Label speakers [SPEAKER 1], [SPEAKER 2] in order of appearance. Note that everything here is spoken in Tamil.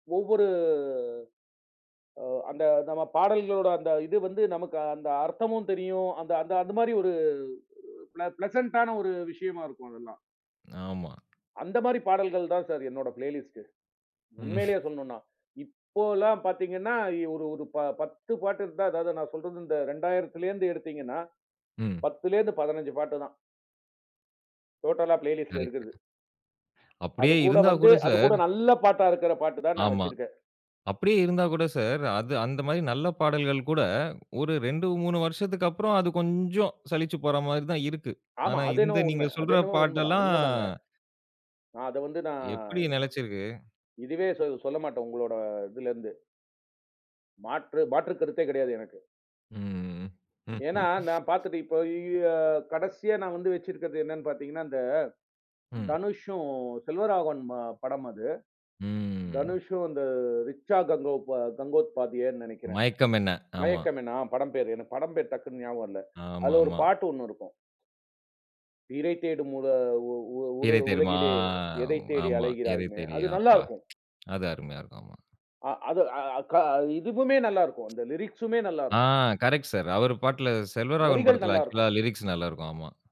[SPEAKER 1] ஒவ்வொரு அ அந்த நம்ம பாடல்களோட அந்த இது வந்து நமக்கு அந்த அர்த்தமும் தெரியும். அந்த அந்த மாரி ஒரு பிள பிளசன்ட்டான ஒரு விஷயமா இருக்கும், அதெல்லாம்.
[SPEAKER 2] ஆமா.
[SPEAKER 1] அந்த மாரி பாடல்கள் தான் சார் என்னோட பிளேலிஸ்ட்டு.
[SPEAKER 2] ம்.
[SPEAKER 1] உண்மையிலேயே சொல்லனுனா. இப்போலாம் பாத்தீங்கனா எ ஒரு ஒரு 10 பாட்டு இருந்தா, அதாவது நான் சொல்றது இந்த 2000ல இருந்து எடுத்தீங்கனா,
[SPEAKER 2] ம்.
[SPEAKER 1] 10லேருந்து 15 பாட்டுதான். டோட்டலா பிளேலிஸ்ட்ல
[SPEAKER 2] கரெக்ட்ங்க.
[SPEAKER 1] இருக்றது.
[SPEAKER 2] அப்படியே
[SPEAKER 1] அதுகூட
[SPEAKER 2] இருந்தா
[SPEAKER 1] வந்து
[SPEAKER 2] கூட
[SPEAKER 1] அதுகூட
[SPEAKER 2] சார்
[SPEAKER 1] நல்ல பாட்டா இருக்கற பாட்டு தான் நான்
[SPEAKER 2] ஆமா.
[SPEAKER 1] வச்சிருக்கேன்.
[SPEAKER 2] அப்படியே இருந்தா கூட சார், அது அந்த மாரி நல்ல பாடல்கள் கூட ஒரு 2, 3 வருசத்துக்கு அப்புறம் அது கொஞ்சோம் சலிச்சுப் போற மாரி தான் இருக்கு.
[SPEAKER 1] ஆமா,
[SPEAKER 2] ஆனா
[SPEAKER 1] அது
[SPEAKER 2] இந்த
[SPEAKER 1] என்னவோ உண்ம.
[SPEAKER 2] நீங்க
[SPEAKER 1] அது
[SPEAKER 2] சொல்ற
[SPEAKER 1] என்னவோ உண்மதான்,
[SPEAKER 2] பாட்டெல்லாம்.
[SPEAKER 1] உண்மதாங்க. நான் அத வந்து நான்
[SPEAKER 2] எப்படி நெலச்சுருக்கு.
[SPEAKER 1] இதுவே சொ சொல்ல மாட்டேன். உங்களோட இதுலருந்து. மாற்று மாற்று கருத்தே கெடையாது எனக்கு.
[SPEAKER 2] ம், ம்,
[SPEAKER 1] ஏன்னா,
[SPEAKER 2] ம்.
[SPEAKER 1] நான் பாத்துட்டு இப்ப இய்யோ கடைசியா நான் வந்து வச்சிருக்றது என்னன்னு பாத்தீங்கனா, இந்த
[SPEAKER 2] ம்.
[SPEAKER 1] தனுஷும் செல்வராகவன் படம் அது.
[SPEAKER 2] ம்.
[SPEAKER 1] தனுஷும் அந்த ரிச்சா கங்கோத் கங்கோத்பாத்தியேன்னு நெனைக்கிறேன்.
[SPEAKER 2] மயக்கம் என்ன? ஆமா.
[SPEAKER 1] மயக்கம் என்ன அ படம் பேரு. எனக்கு படம் பேரு டக்குனு ஞாபகம் வரல. அதுல ஒரு
[SPEAKER 2] ஆமாமா.
[SPEAKER 1] பாட்டு 1 இருக்கும். இரை தேடும் மொதா உ உ உற
[SPEAKER 2] பிறை தெரிமா?
[SPEAKER 1] உலகிலே. எதை தேடி
[SPEAKER 2] ஆமா. இரை
[SPEAKER 1] அலைகிறாய்னு. அது நல்லா
[SPEAKER 2] தெரியாப்பா.
[SPEAKER 1] இருக்கும்.
[SPEAKER 2] அது அருமையா இருக்கும். ஆமா.
[SPEAKER 1] அ அது அ க இதுவுமே நல்லா இருக்கும். அந்த லிரிக்ஸூமே நல்லா
[SPEAKER 2] ஆ
[SPEAKER 1] இருக்கும்.
[SPEAKER 2] Correct sir. அவரு பாட்டுல செல்வராகவன்
[SPEAKER 1] வரிகள்
[SPEAKER 2] படத்துல
[SPEAKER 1] நல்லா
[SPEAKER 2] ஆக்சுவல
[SPEAKER 1] இருக்கும்.
[SPEAKER 2] லிரிக்ஸ் நல்லா இருக்கும். ஆமா.